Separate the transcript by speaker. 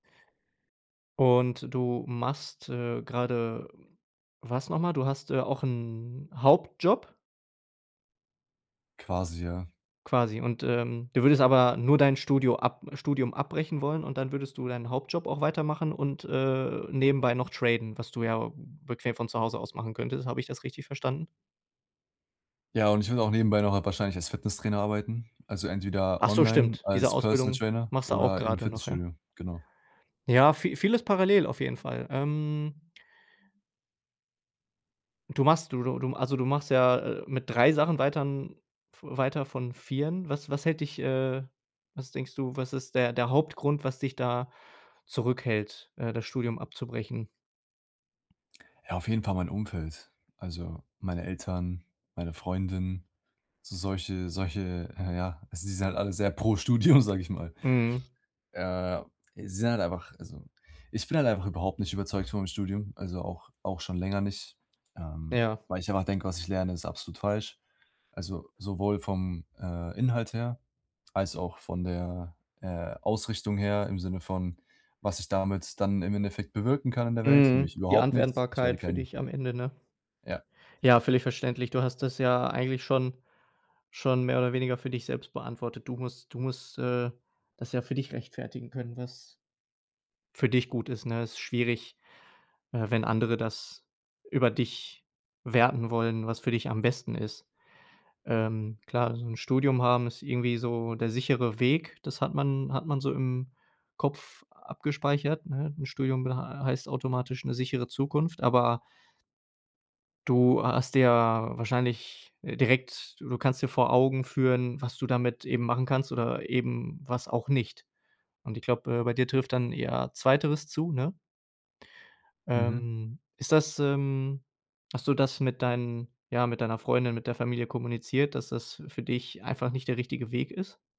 Speaker 1: Und du machst, äh, grade, was noch mal? Du hast, äh, auch 'n Hauptjob?
Speaker 2: Quasi, ja.
Speaker 1: Quasi und, ähm, du würdest aber nur dein Studio ab Studium abbrechen wollen und dann würdest du deinen Hauptjob auch weitermachen und, äh, nebenbei noch traden, was du ja bequem von zu Hause aus machen könntest. Habe ich das richtig verstanden?
Speaker 2: Ja und ich will auch nebenbei nachher wahrscheinlich als Fitnesstrainer arbeiten, also entweder
Speaker 1: Ach so,
Speaker 2: online
Speaker 1: stimmt. Diese
Speaker 2: als Personal
Speaker 1: Ausbildung
Speaker 2: Trainer
Speaker 1: machst du auch
Speaker 2: oder im
Speaker 1: grade noch, ja?
Speaker 2: Fitnessstudio, genau.
Speaker 1: Ja, vi vieles parallel auf jeden Fall. Ähm Du machst du du du also, du machst ja, äh, mit 3 Sachen weiter n v weiter von 4en. Was was hält dich, äh was denkst du, was ist der der Hauptgrund, was dich da zurückhält, äh, das Studium abzubrechen?
Speaker 2: Ja, auf jeden Fall mein Umfeld, also meine Eltern, meine Freundin, so solche solche ja ja, sie sind halt alle sehr pro Studium, sage ich mal.
Speaker 1: Mhm.
Speaker 2: Äh, sie sind halt einfach also, ich bin halt einfach überhaupt nicht überzeugt von meinem Studium, also auch auch schon länger nicht, ähm,
Speaker 1: Ja.
Speaker 2: weil ich einfach denke, was ich lerne, ist absolut falsch. Also, sowohl vom, äh, Inhalt her als auch von der, äh, Ausrichtung her im Sinne von, was ich damit dann im Endeffekt bewirken kann in der Welt,
Speaker 1: Mhm.
Speaker 2: nämlich
Speaker 1: Die
Speaker 2: überhaupt nichts. Ich werde
Speaker 1: Anwendbarkeit für
Speaker 2: kein
Speaker 1: dich am Ende, ne?
Speaker 2: Ja.
Speaker 1: Ja, völlig verständlich. Du hast das ja eigentlich schon schon mehr oder weniger für dich selbst beantwortet. Du musst du musst, äh, das ja für dich rechtfertigen können, was für dich gut ist, ne? Ist schwierig, äh, wenn andere das über dich werten wollen, was für dich am besten ist. Ähm, klar, so 'n Studium haben ist irgendwie so der sichere Weg. Das hat man hat man so im Kopf abgespeichert, ne? 'N Studium bed äh, heißt automatisch 'ne sichere Zukunft, aber du hast dir wahrscheinlich, äh, direkt du du kannst dir vor Augen führen, was du damit eben machen kannst oder eben was auch nicht. Und ich glaube, äh, bei dir trifft dann eher 2. zu, ne?
Speaker 2: Mhm.
Speaker 1: Ähm, ist das, ähm hast du das mit deinen ja, mit deiner Freundin, mit der Familie kommuniziert, dass das für dich einfach nicht der richtige Weg ist?